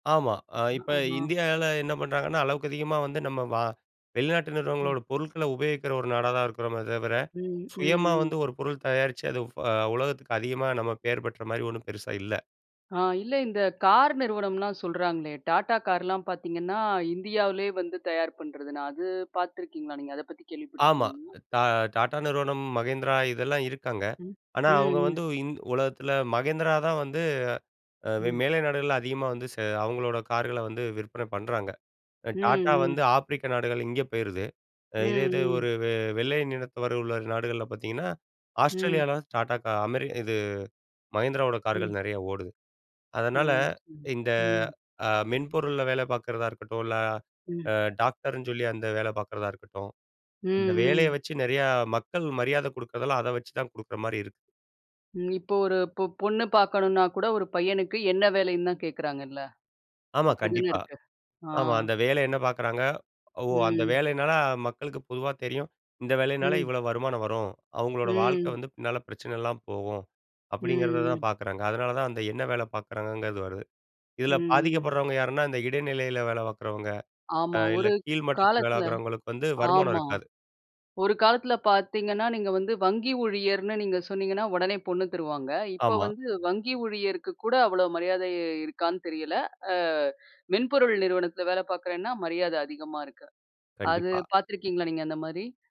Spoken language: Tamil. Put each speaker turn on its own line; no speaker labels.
ஆமா. அ இப்ப
ஆ. ஆ.
இந்தியால என்ன பண்றாங்கன்னா, அளவுக்கு அதிகமா வந்து நம்ம வா வெளிநாட்டு
ம்.
நிறுவனங்களோட பொருட்களை உபயோகிக்கிற ஒரு நாடா தான் இருக்கிறோமே தவிர,
ம். ம்,
சுயமா
ம்.
வந்து ஒரு பொருள் தயாரிச்சு, அது ஃப உலகத்துக்கு அதிகமா நம்ம பேர் பெற்ற மாரி ஒண்ணும் பெருசா இல்லை.
ஆ. இல்லை. இந்த கார் நிறுவனம்லாம் சொல்றாங்களே, Tata கார்லாம் பாத்தீங்கன்னா இந்தியாவுலயே வந்து தயார் பண்றதுன்னு அது பாத்துருக்கீங்களா நீங்க, அதை பத்தி
ஆமா.
கேள்விப்பட்டுருக்கீங்களா?
தா Tata நிறுவனம், Mahindra இதெல்லாம் இருக்காங்க.
ம்.
ஆனா,
ம்,
அவுங்க வந்து
ம்.
இந் உலகத்தில Mahindra தான் வந்து அ வெ
ம்.
மேலை நாடுகள்ல அதிகமா வந்து செ அவுங்களோட கார்களை வந்து விற்பனை பண்றாங்க.
ம்,
Tata வந்து
ம்.
ஆப்பிரிக்க நாடுகள் இங்க போயிருது. இதே
ம்,
இது
ம்.
ஒரு வெ வெள்ளை நிறத்தவர் உள்ள நாடுகள்ல பாத்தீங்கன்னா,
ம்.
ஆஸ்ட்ரேலியால தான் Tata கா அமெரி இது, Mahindra ஓட கார்கள்
ம்.
நெறையா ஓடுது.
ஓ!
அதனால
சரி.
இந்த
ம்.
அ மென்பொருள்ல வேலை பாக்குறதா இருக்கட்டும், இல்லை
ம்.
அ டாக்டர்ன்னு சொல்லி அந்த வேலை பாக்குறதா இருக்கட்டும்,
ம்,
அந்த வேலைய
ம்.
வச்சி நெறையா மக்கள் மரியாதை குடுக்கறதால, அதை வச்சி தான் குடுக்கற மாரி இருக்
ம். இப்போ ஒரு பொ பொண்ணு பாக்கணும்ன்னா கூட ஒரு பையனுக்கு, என்ன வேலைன்னு தான் கேக்குறாங்கள்ல!
ஆமா,
அப்படிதானே
கண்டிப்பா.
இருக்கு. ஆ
ஆமா. அந்த வேலை என்ன பாக்குறாங்க? ஓ! அந்த
ம்.
வேலைனால மக்களுக்கு பொதுவா தெரியும், "இந்த வேலைனால
ம்.
இவ்வளோ வருமானம் வரும். அவுங்களோட வாழ்க்கை
ம்.
வந்து பின்னால பிரச்சனை இல்லாம போகும்."
ம்,
அப்படிங்கிறதுதான்
ம்.
பாக்குறாங்க. அதனால தான், அந்த என்ன வேலை பாக்குறாங்கங்கிறது வருது.
ம்,
இதில
ம்.
பாதிக்கப்படுறவங்க யாருன்னா, இந்த இடைநிலையில வேலை பாக்குறவங்க, அ
ஆமா.
இல்லை
ஒரு
கீழ்மட்டத்தில வேலை
காலத்தில
பாக்குறவங்களுக்கு வந்து வருமானம்
ஆமா.
இருக்காது.
ஒரு காலத்தில பாத்தீங்கன்னா, நீங்க வந்து வங்கி ஊழியர்ன்னு நீங்க சொன்னீங்கன்னா, உடனே பொண்ணு தருவாங்க. இப்போ
ஆமா.
வந்து வங்கி ஊழியருக்கு கூட அவ்வளோ மரியாதை இ இருக்கான்னு தெரியல. அ மென்பொருள் நிறுவனத்தில வேலை பாக்குறேன்னா, மரியாதை அதிகமா இருக்கு. அது
கண்டிப்பா.
பாத்துருக்கீங்களா, நீங்க அந்த மாரி?